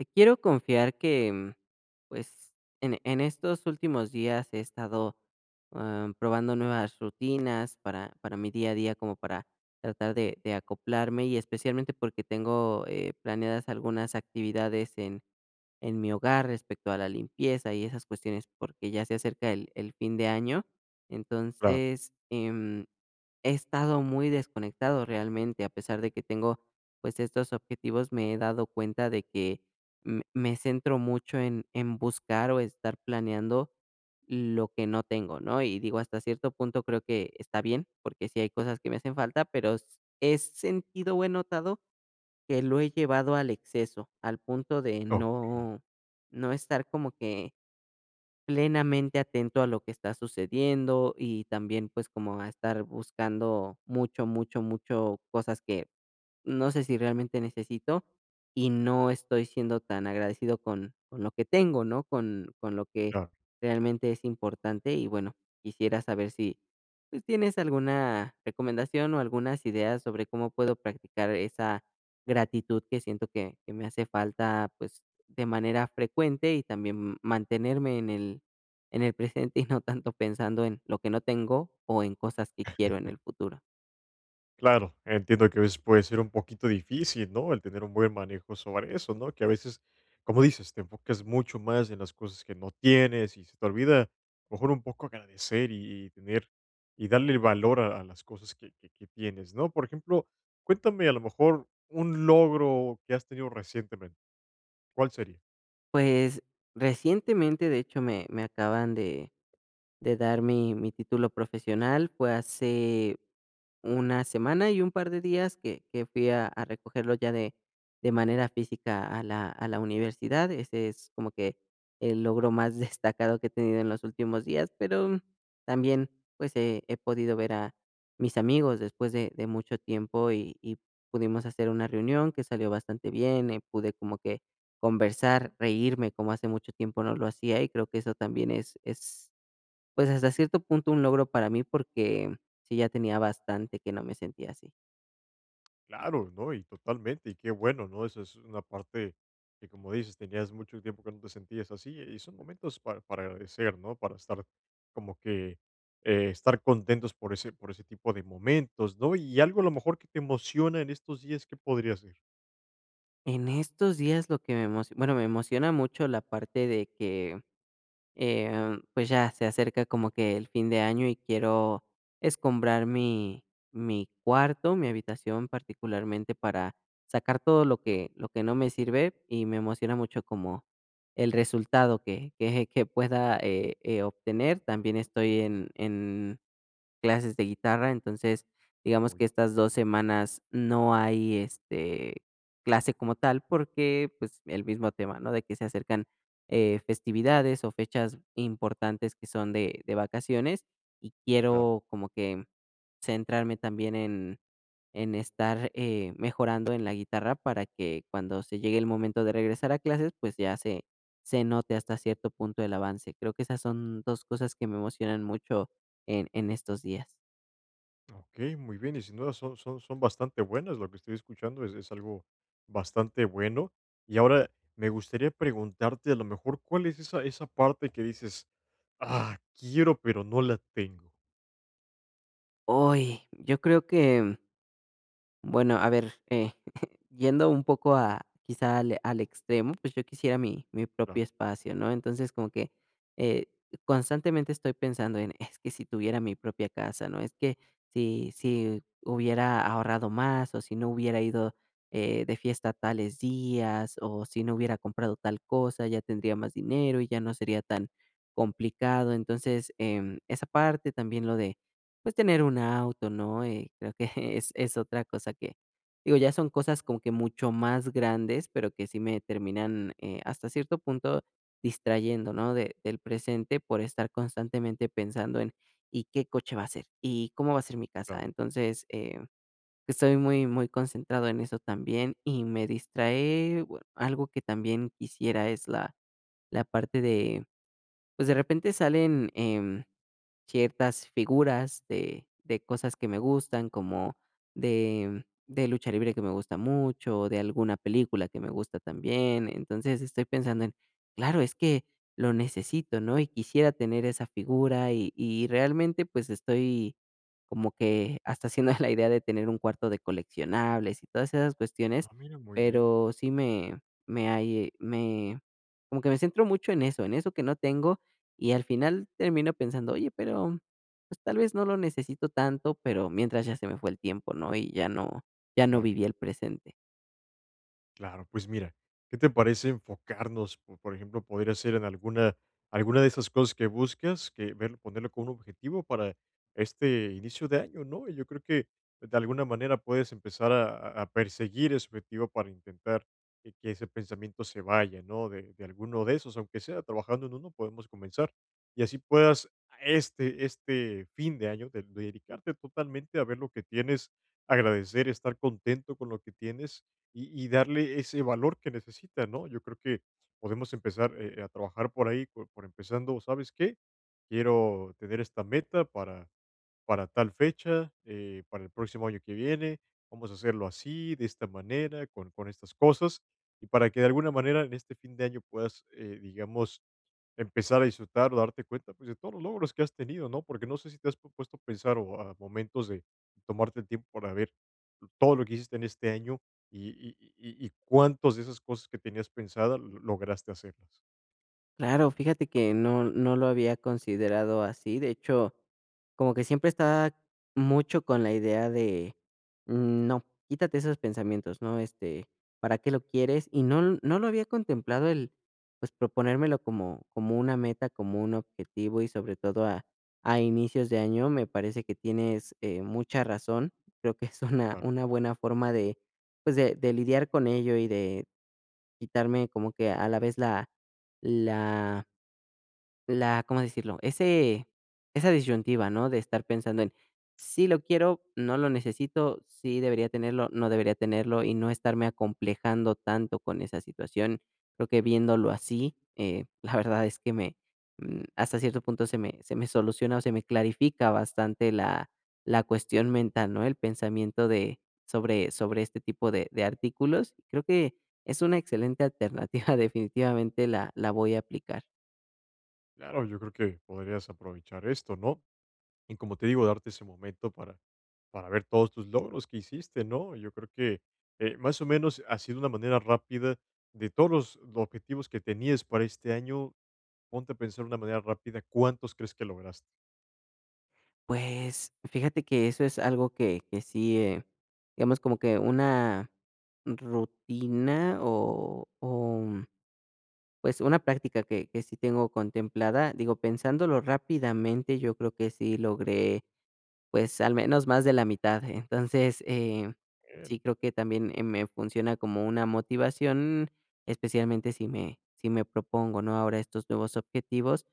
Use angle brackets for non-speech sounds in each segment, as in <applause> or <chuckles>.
Te quiero confiar que, mm, pues, en en estos últimos días he estado, am, probando nuevas rutinas para para mi día a día, como para tratar de de acoplarme, y especialmente porque tengo, eh, planeadas algunas actividades en en mi hogar respecto a la limpieza y esas cuestiones, porque ya se acerca el el fin de año. Claro. Entonces, em, he estado muy desconectado realmente. A pesar de que tengo, pues, estos objetivos, me he dado cuenta de que me me centro mucho en en buscar o estar planeando lo que no tengo, ¿no? Y, digo, hasta cierto punto, creo que está bien, porque sí hay cosas que me hacen falta, pero s he sentido o he notado que lo he llevado al exceso, al punto de Ah, okey. no no estar como que, plenamente atento a lo que está sucediendo y también, pues, como a estar buscando mucho, mucho, mucho cosas que, no sé, si realmente necesito, y no estoy siendo tan agradecido con con lo que tengo, ¿no?, con con lo que Claro. realmente es importante. Y bueno, quisiera saber si, pues, tienes alguna recomendación o algunas ideas sobre cómo puedo practicar esa gratitud que siento que que me hace falta, pues, de manera frecuente, y también, mm, mantenerme en el en el presente, y no tanto pensando en lo que no tengo o en cosas que quiero en <chuckles> el futuro. Claro. Entiendo que a veces puede ser un poquito difícil, ¿no?, el tener un buen manejo sobre eso, ¿no?, que a veces, como dices, te enfocas mucho más en las cosas que no tienes y se te olvida, a lo mejor un poco agradecer y y tener y darle el valor a a las cosas que que que tienes, ¿no? Por ejemplo, cuéntame, a lo mejor, un logro que has tenido recientemente, ¿cuál sería? Pues, recientemente, de hecho, me me acaban de de dar mi mi título profesional. Fue hace una semana y un par de días que que fui a a recogerlo ya de de manera física a la a la universidad. Ese es como que el logro más destacado que he tenido en los últimos días. Pero, mm, también, pues, he he podido ver a mis amigos después de de mucho tiempo, y y pudimos hacer una reunión que salió bastante bien, eh, pude como que conversar, reírme, como hace mucho tiempo no lo hacía, y creo que eso también es es, pues, hasta cierto punto un logro para mí porque sí, ya tenía bastante que no me sentía así. Claro, ¿no?, y totalmente, y qué bueno, ¿no?, eso es una parte que, como dices, tenías mucho tiempo que no te sentías así, y son momentos para para agradecer, ¿no?, para estar, como que, eh, estar contentos por ese por ese tipo de momentos, ¿no? Y, algo a lo mejor, que te emociona en estos días, ¿qué podría ser? En estos días lo que me emoci bueno, me emociona mucho la parte de que, em, pues, ya se acerca como que el fin de año, y quiero escombrar mi mi cuarto, mi habitación particularmente, para sacar todo lo que lo que no me sirve, y me emociona mucho como el resultado que que que pueda, eh eh, obtener. También estoy en en clases de guitarra, entonces, digamos Muy que estas bien. 2 semanas no hay, este, clase como tal porque, pues, el mismo tema, ¿no?, de que se acercan, eh, festividades o fechas importantes que son de de vacaciones, y Claro. quiero como que centrarme también en en estar, eh, mejorando en la guitarra para que cuando se llegue el momento de regresar a clases, pues, ya se se note hasta cierto punto el avance. Creo que esas son 2 cosas que me emocionan mucho en en estos días. Okey, muy bien, y sin duda son son son bastante buenas, lo que estoy escuchando es es algo, bastante bueno, y ahora me gustaría preguntarte, a lo mejor, ¿cuál es esa esa parte que dices: "¡Ah!, quiero pero, no la tengo?". ¡Oy!, yo creo que, mm bueno a ver, eh, <chuckles> yendo un poco a quizá al al extremo, pues, yo quisiera mi mi Claro. propio espacio, ¿no?, entonces, como que, eh, constantemente estoy pensando en, es que si tuviera mi propia casa, ¿no?, es que si si hubiera ahorrado más, o si no hubiera ido, eh, de fiesta tales días, o si no hubiera comprado tal cosa, ya tendría más dinero y ya no sería tan complicado. Entonces, em, esa parte también lo de, pues, tener un auto, ¿no?, eh, creo que <chuckles> es es otra cosa que, digo, ya son cosas como que mucho más grandes, pero que sí me terminan, eh, hasta cierto punto, distrayendo, ¿no?, de del presente por estar constantemente pensando en, ¿y qué coche va a ser?, ¿y cómo va a ser mi casa?, Claro. entonces, eh, estoy muy muy concentrado en eso también. Y, me distraé, algo que también quisiera es la la parte de, pues, de repente salen, em, ciertas figuras de de cosas que me gustan, como de, mm, de lucha libre que me gusta mucho, o de alguna película que me gusta también, entonces, estoy pensando en, claro es que lo necesito, ¿no?, y quisiera tener esa figura y y realmente, pues, estoy como que hasta haciendo <chuckles> la idea de tener un cuarto de coleccionables y todas esas cuestiones. Ah, mira, muy bien. Pero sí me me, ahí me, como que me centro mucho en eso en eso que no tengo, y al final termino pensando, oye, pero pues, tal vez no lo necesito tanto, pero mientras ya se me fue el tiempo, ¿no?, y ya no ya no Claro. viví el presente. Claro, pues, mira, ¿qué te parece enfocarnos, por por ejemplo, poder hacer en alguna alguna de esas cosas que buscas? Que ver ponerlo como un objetivo para este inicio de año, ¿no? Y, yo creo que de alguna manera puedes empezar a a perseguir ese objetivo para intentar que que ese pensamiento se vaya, ¿no?, de de alguno de esos, aunque sea trabajando en uno, podemos comenzar. Y así puedas a este este fin de año de dedicarte totalmente a ver lo que tienes, agradecer, estar contento con lo que tienes, y y darle ese valor que necesita, ¿no? Yo creo que podemos empezar, eh, a trabajar por ahí, por por empezando, ¿sabes qué? Quiero tener esta meta para para tal fecha, eh, para el próximo año que viene, vamos a hacerlo así, de esta manera, con con estas cosas, y para que de alguna manera, en este fin de año puedas, eh, digamos, empezar a disfrutar o darte cuenta, pues, de todos los logros que has tenido, ¿no? Porque, no sé, si te has pu puesto a pensar, o, a momentos de tomarte el tiempo para ver todo lo que hiciste en este año y y y y cuántos de esas cosas que tenías pensadas lograste hacerlas. Claro, fíjate que no no lo había considerado así, de hecho, como que siempre estaba mucho con la idea de: "No, quítate esos pensamientos", ¿no? Este, ¿para qué lo quieres? Y no no lo había contemplado el, pues, proponérmelo como como una meta, como un objetivo, y sobre todo a a inicios de año, me parece que tienes, eh, mucha razón. Creo que es una Claro. una buena forma de, pues, de de lidiar con ello y de quitarme como que a la vez la la la, ¿cómo decirlo? Ese esa disyuntiva, ¿no?, de estar pensando en, sí lo quiero, no lo necesito, sí debería tenerlo, no debería tenerlo y no estarme acomplejando tanto con esa situación. Creo que viéndolo así, eh, la verdad es que me, mm, hasta cierto punto se me se me soluciona o se me clarifica bastante la la cuestión mental, ¿no?, el pensamiento de sobre sobre este tipo de de artículos. Creo que es una excelente alternativa, definitivamente la la voy a aplicar. Claro, yo creo que podrías aprovechar esto, ¿no? Y, como te digo, darte ese momento para para ver todos tus logros que hiciste, ¿no? Yo creo que, eh más o menos, así de una manera rápida, de todos los objetivos que tenías para este año, ponte a pensar de una manera rápida, ¿cuántos crees que lograste? Pues fíjate que eso es algo que que sí eh, hemos, como que una rutina o o pues, una práctica que que sí tengo contemplada, digo, pensándolo rápidamente, yo creo que sí logré, pues, al menos más de la mitad. Entonces, eh, sí Bien. creo que también eh me funciona como una motivación, especialmente si me si me propongo, ¿no?, ahora estos nuevos objetivos,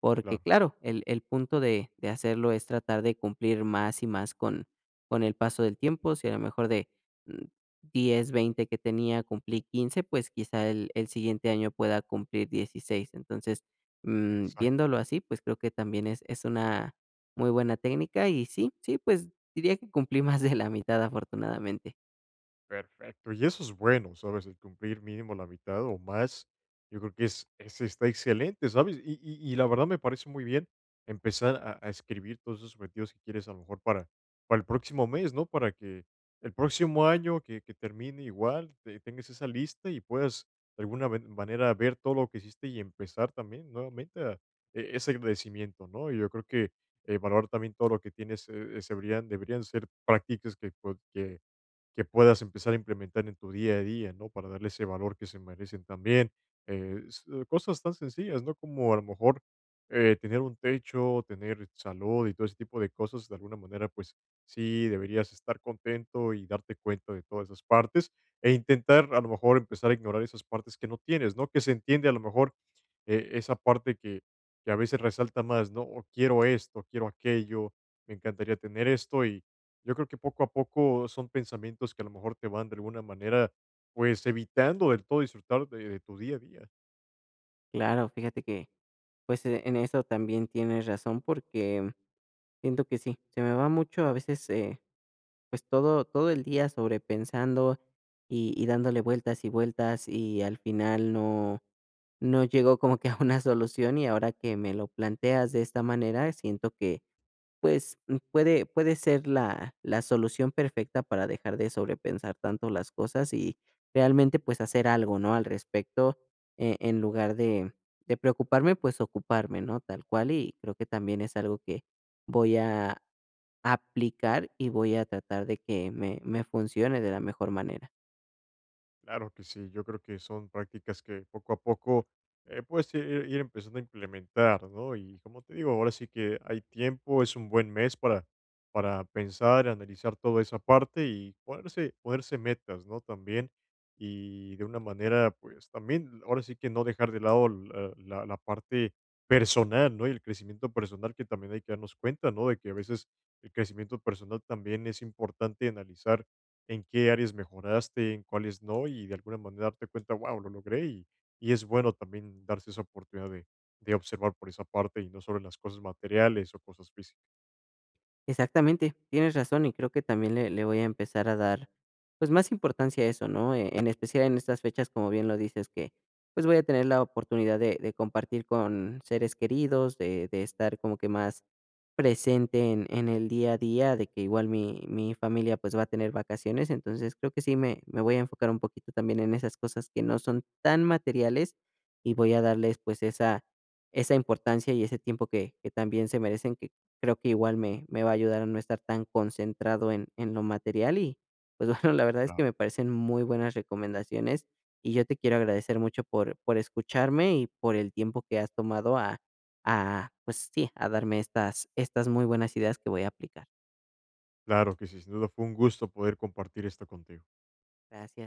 porque Claro. claro, el el punto de de hacerlo es tratar de cumplir más y más con con el paso del tiempo. Si a lo mejor de, mm, 10, 20 que tenía, cumplí 15, pues quizá el el siguiente año pueda cumplir 16. Entonces, mm, viéndolo Exactamente. así, pues creo que también es es una muy buena técnica, y sí, sí, pues diría que cumplí más de la mitad afortunadamente. Perfecto, y eso es bueno, ¿sabes? El cumplir mínimo la mitad o más, yo creo que es es- está excelente, ¿sabes? Y y y la verdad me parece muy bien empezar a a escribir todos esos objetivos que quieres a lo mejor para para el próximo mes, ¿no? Para que el próximo año que que termine igual, te tengas esa lista y puedas, de alguna ven manera, ver todo lo que hiciste y empezar también nuevamente ah, e ese agradecimiento, ¿no? Y yo creo que, eh, valorar también todo lo que tienes, eh, se deberían deberían ser prácticas que pued que que puedas empezar a implementar en tu día a día, ¿no? Para darle ese valor que se merecen también. Eh, s cosas tan sencillas, ¿no?, como a lo mejor, eh, tener un techo, tener salud y todo ese tipo de cosas, de alguna manera, pues, sí deberías estar contento y darte cuenta de todas esas partes, eh, intentar, a lo mejor, empezar a ignorar esas partes que no tienes, ¿no? Que se entiende, a lo mejor, eh, esa parte que que a veces resalta más, ¿no? O quiero esto, o quiero aquello, me encantaría tener esto, y yo creo que, poco a poco, son pensamientos que, a lo mejor, te van, de alguna manera, pues, evitando del todo disfrutar de de tu día a día. Claro, fíjate que, pues, e en eso también tienes razón, porque, mm, siento que sí. Se me va mucho, a veces, eh, pues todo todo el día sobrepensando y y dándole vueltas y vueltas, y al final no no llego como que a <chuckles> una solución, y ahora que me lo planteas de esta manera, siento que, pues, puede puede ser la la solución perfecta para dejar de sobrepensar tanto las cosas y realmente, pues, hacer algo, ¿no?, al respecto, eh, en lugar de de preocuparme, pues, ocuparme, ¿no?, tal cual, y creo que también es algo que voy a aplicar, y voy a tratar de que me me funcione de la mejor manera. Claro que sí, yo creo que son prácticas que poco a poco, eh, puedes ir ir empezando a implementar, ¿no? Y, como te digo, ahora sí que hay tiempo, es un buen mes para para pensar, analizar toda esa parte, y ponerse ponerse metas, ¿no?, también. Y, de una manera, pues también, ahora sí que no dejar de lado, ah, la la parte personal, ¿no?, y el crecimiento personal que también hay que darnos cuenta, ¿no?, de que, a veces, el crecimiento personal también es importante, analizar en qué áreas mejoraste, en cuáles no, y de alguna manera darte cuenta, guau, lo logré. Y y es bueno también darse esa oportunidad de de observar por esa parte, y no sobre las cosas materiales o cosas físi Exactamente, tienes razón. Y, creo que también le le voy a empezar a dar, pues, más importancia a eso, ¿no?, eh, en especial en estas fechas, como bien lo dices, que, pues, voy a tener la oportunidad de de compartir con seres queridos, de de estar como que más presente en en el día a día, de que igual mi mi familia, pues, va a tener vacaciones, entonces, creo que sí me me voy a enfocar un poquito también en esas cosas que no son tan materiales, y voy a darles, pues, esa esa importancia y ese tiempo que que también se merecen, que creo que igual me me va a ayudar a no estar tan concentrado en en lo material. Y, pues bueno, la verdad es Claro. que me parecen muy buenas recomendaciones, y yo te quiero agradecer mucho por por escucharme y por el tiempo que has tomado a a, pues sí, a darme estas estas muy buenas ideas que voy a aplicar. Claro que sí, sin duda, fue un gusto poder compartir esto contigo. Gracia